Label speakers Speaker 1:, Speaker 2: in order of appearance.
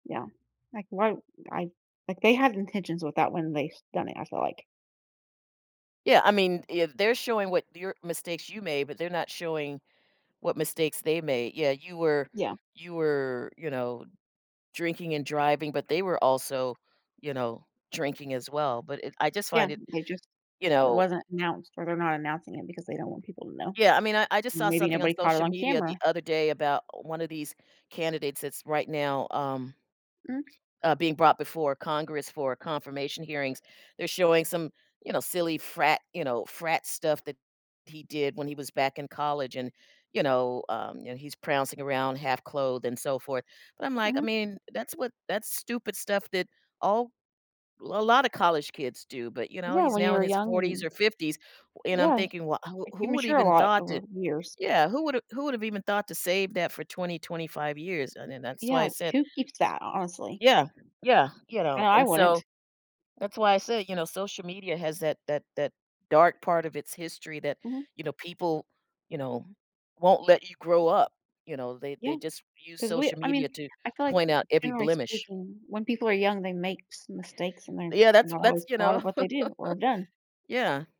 Speaker 1: Yeah. Like, why I like, they had intentions with that when they s done it, I feel like.
Speaker 2: Yeah, I mean, if they're showing what your mistakes you made, but they're not showing what mistakes they made yeah, you were
Speaker 1: Yeah.
Speaker 2: you were, you know, drinking and driving, but they were also, you know, drinking as well, but it I just
Speaker 1: Yeah,
Speaker 2: find it
Speaker 1: they just
Speaker 2: you
Speaker 1: it
Speaker 2: know
Speaker 1: wasn't announced or they're not announcing it because they don't want people to know.
Speaker 2: Yeah, I mean, I I just saw
Speaker 1: Maybe
Speaker 2: something on
Speaker 1: nobody caught it
Speaker 2: social
Speaker 1: on
Speaker 2: media
Speaker 1: camera.
Speaker 2: the other day about 1 of these candidates that's, right now, um,
Speaker 1: Mm.
Speaker 2: uh, being brought before Congress for confirmation hearings. They're showing some you know, silly frat you know, frat stuff that he did when he was back in college and, you know, um and he's prancing around half-clothed, and so forth. But, I'm, like, I
Speaker 1: Mhm.
Speaker 2: mean, that's what that's stupid stuff that all l a lotta college kids do, but, you know,
Speaker 1: Yeah,
Speaker 2: he's
Speaker 1: when you
Speaker 2: now in
Speaker 1: were
Speaker 2: his
Speaker 1: young,
Speaker 2: 40s
Speaker 1: and
Speaker 2: or 50s, w and I'm
Speaker 1: Yeah.
Speaker 2: thinking, "Well, I wou
Speaker 1: Like, you
Speaker 2: who would have
Speaker 1: mature a
Speaker 2: even
Speaker 1: lot
Speaker 2: thought
Speaker 1: over
Speaker 2: to"
Speaker 1: years.
Speaker 2: Yeah, "Who would've who would've even thought to save that for 20, 25 years?" And then that's why I
Speaker 1: Yeah,
Speaker 2: said
Speaker 1: who keeps that, ho honestly?
Speaker 2: Yeah, yeah, you
Speaker 1: I
Speaker 2: know?
Speaker 1: know I
Speaker 2: And
Speaker 1: wouldn't.
Speaker 2: so, that's why I say, you know, social media has that that that dark part of its history that,
Speaker 1: Mhm.
Speaker 2: you know, people you know, won't let you grow up, you know? They they
Speaker 1: Yeah.
Speaker 2: just use
Speaker 1: 'Cause we
Speaker 2: social
Speaker 1: I mean
Speaker 2: media to
Speaker 1: I feel, like,
Speaker 2: point out every
Speaker 1: generally
Speaker 2: blemish.
Speaker 1: speaking, when people are young, they make s mistakes and they're
Speaker 2: Yeah, that's
Speaker 1: not
Speaker 2: that's
Speaker 1: always
Speaker 2: you
Speaker 1: proud
Speaker 2: know?
Speaker 1: of what they do, or have done.
Speaker 2: Yeah.